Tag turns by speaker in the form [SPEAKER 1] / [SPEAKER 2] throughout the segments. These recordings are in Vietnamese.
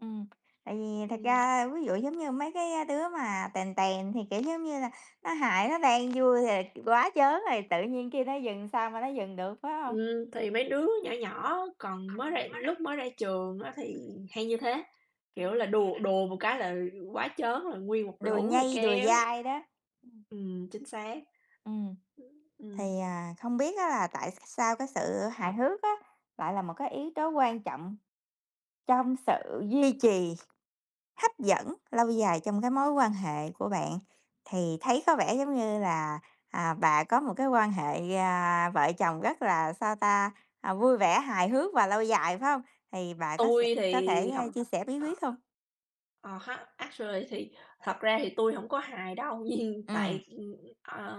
[SPEAKER 1] Ừm, tại vì thật
[SPEAKER 2] Ừm.
[SPEAKER 1] ra ví dụ giống như mấy cái đứa mà tèn tèn thì, kiểu, giống như là, nó hài, nó đang vui thì quá trớn rồi, tự nhiên kêu nó dừng sao mà nó dừng được, phải hông?
[SPEAKER 2] Ừm, thì mấy đứa nhỏ nhỏ còn mới
[SPEAKER 1] Ừm.
[SPEAKER 2] ra lúc mới ra trường á thì hay như thế, kiểu là,
[SPEAKER 1] Ừm
[SPEAKER 2] đùa đùa một cái là quá trớn là nguyên một
[SPEAKER 1] Đùa
[SPEAKER 2] lũ là
[SPEAKER 1] nhây, đùa
[SPEAKER 2] kéo
[SPEAKER 1] dai đó. Ừm.
[SPEAKER 2] ừm, chính xác.
[SPEAKER 1] Ừm.
[SPEAKER 2] Ưm, ừm.
[SPEAKER 1] Thì, à, không biết á là tại sao cái sự hài hước á lại là một cái yếu tố quan trọng trong sự duy trì hấp dẫn lâu dài trong cái mối quan hệ của bạn thì thấy có vẻ giống như là, à, bà có một cái quan hệ, à, vợ chồng rất là, sao ta, à, vui vẻ, hài hước và lâu dài, phải hông? Thì bà có sẽ
[SPEAKER 2] Tui
[SPEAKER 1] có
[SPEAKER 2] thì học
[SPEAKER 1] thể chia sẻ bí quyết
[SPEAKER 2] ờ.
[SPEAKER 1] không?
[SPEAKER 2] Ờ ha, actually thì thật ra thì tui hổng có hài đâu, nhưng
[SPEAKER 1] Ừm.
[SPEAKER 2] tại, ờ,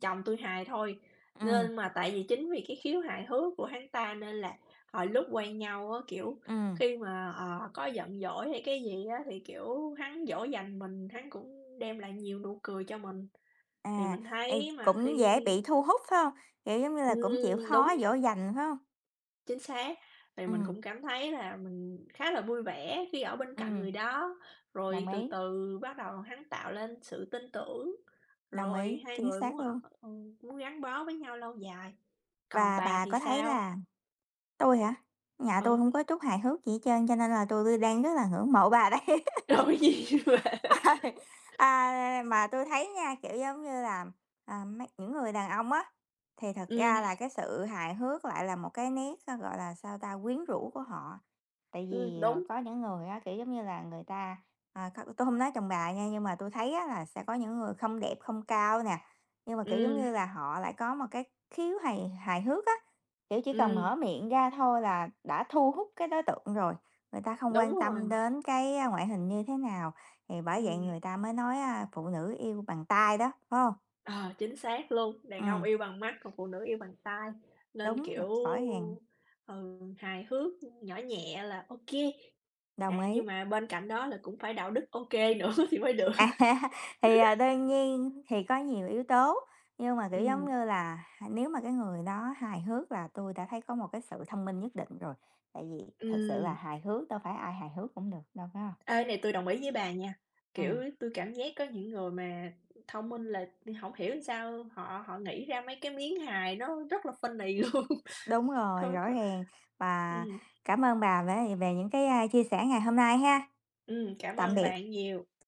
[SPEAKER 2] chồng tui hài thôi,
[SPEAKER 1] Ừm.
[SPEAKER 2] nên mà tại vì chính vì cái khiếu hài hước của hắn ta nên là hồi lúc quen nhau á, kiểu,
[SPEAKER 1] Ừm.
[SPEAKER 2] khi mà, ờ, có giận dỗi hay cái gì á thì, kiểu, hắn dỗ dành mình, hắn cũng đem lại nhiều nụ cười cho mình, thì
[SPEAKER 1] À,
[SPEAKER 2] mình
[SPEAKER 1] ê,
[SPEAKER 2] thấy mà
[SPEAKER 1] cũng
[SPEAKER 2] khi
[SPEAKER 1] dễ bị thu hút, phải hông? Kiểu, giống như là, cũng chịu
[SPEAKER 2] Ừm,
[SPEAKER 1] khó
[SPEAKER 2] đúng.
[SPEAKER 1] dỗ dành, phải hông?
[SPEAKER 2] Chính xác, thì mình
[SPEAKER 1] Ừm.
[SPEAKER 2] cũng cảm thấy là mình khá là vui vẻ khi ở bên cạnh
[SPEAKER 1] Ừm.
[SPEAKER 2] người đó, rồi
[SPEAKER 1] Đồng
[SPEAKER 2] từ
[SPEAKER 1] ý.
[SPEAKER 2] từ bắt đầu hắn tạo lên sự tin tưởng,
[SPEAKER 1] Đồng ý,
[SPEAKER 2] rồi hai
[SPEAKER 1] chính
[SPEAKER 2] người
[SPEAKER 1] xác
[SPEAKER 2] muốn, ờ,
[SPEAKER 1] luôn.
[SPEAKER 2] muốn gắn bó với nhau lâu dài, còn
[SPEAKER 1] Và
[SPEAKER 2] bà
[SPEAKER 1] bà
[SPEAKER 2] thì
[SPEAKER 1] có thấy
[SPEAKER 2] sao?
[SPEAKER 1] là tôi hả? Nhà tôi
[SPEAKER 2] Ừ.
[SPEAKER 1] hông có chút hài hước gì hết trơn, cho nên là tôi đang rất là ngưỡng mộ bà đây.
[SPEAKER 2] [unintelligible]
[SPEAKER 1] À, mà tui thấy nha, kiểu, giống như là, à, mây những người đàn ông á, thì thật ra
[SPEAKER 2] Ừm.
[SPEAKER 1] là cái sự hài hước lại là một cái nét, gọi là, sao ta, quyến rũ của họ. Tại
[SPEAKER 2] Ừm,
[SPEAKER 1] vì, ờ,
[SPEAKER 2] đúng.
[SPEAKER 1] có những người á, kiểu, giống như là, người ta à, kh tôi không nói chồng bà nha, nhưng mà tui thấy á là sẽ có những người không đẹp, không cao nè, nhưng mà, kiểu, giống
[SPEAKER 2] Ừm.
[SPEAKER 1] như là họ lại có một cái khiếu hài hài hước á, kiểu, chỉ cần
[SPEAKER 2] Ừm.
[SPEAKER 1] mở miệng ra thôi là đã thu hút cái đối tượng rồi, người ta không
[SPEAKER 2] Đúng
[SPEAKER 1] quan tâm
[SPEAKER 2] rồi.
[SPEAKER 1] đến cái ngoại hình như thế nào, thì bởi vậy
[SPEAKER 2] Ừm.
[SPEAKER 1] người ta mới nói, à, phụ nữ yêu bằng tai đó, phải hông?
[SPEAKER 2] Ờ, chính xác luôn, đàn ông
[SPEAKER 1] Ừm.
[SPEAKER 2] yêu bằng mắt, còn phụ nữ yêu bằng tai, nên,
[SPEAKER 1] Đúng rồi,
[SPEAKER 2] kiểu,
[SPEAKER 1] rõ ràng!
[SPEAKER 2] ừ, hài hước, nhỏ nhẹ là ô kê,
[SPEAKER 1] Đồng
[SPEAKER 2] à,
[SPEAKER 1] ý.
[SPEAKER 2] nhưng mà bên cạnh đó là cũng phải đạo đức ô kê nữa thì mới được.
[SPEAKER 1] À, thì, à, đương nhiên thì có nhiều yếu tố, nhưng mà, kiểu, giống
[SPEAKER 2] Ừm.
[SPEAKER 1] như là, hà nếu mà cái người đó hài hước là tôi đã thấy có một cái sự thông minh nhất định rồi, tại vì thực sự là
[SPEAKER 2] Ừm.
[SPEAKER 1] hài hước đâu phải ai hài hước cũng được đâu, phải hông?
[SPEAKER 2] Ê, này tui đồng ý với bà nha, kiểu,
[SPEAKER 1] Ừm.
[SPEAKER 2] tui cảm giác á, những người mà thông minh là hổng hiểu sao họ họ nghĩ ra mấy cái miếng hài nó rất là funny luôn.
[SPEAKER 1] Đúng rồi,
[SPEAKER 2] Có,
[SPEAKER 1] rõ
[SPEAKER 2] có
[SPEAKER 1] ràng và
[SPEAKER 2] Ừm.
[SPEAKER 1] cảm ơn bà về về những cái, à, chia sẻ ngày hôm nay ha,
[SPEAKER 2] Ừm, cảm
[SPEAKER 1] tạm
[SPEAKER 2] ơn bà
[SPEAKER 1] biệt.
[SPEAKER 2] nhiều.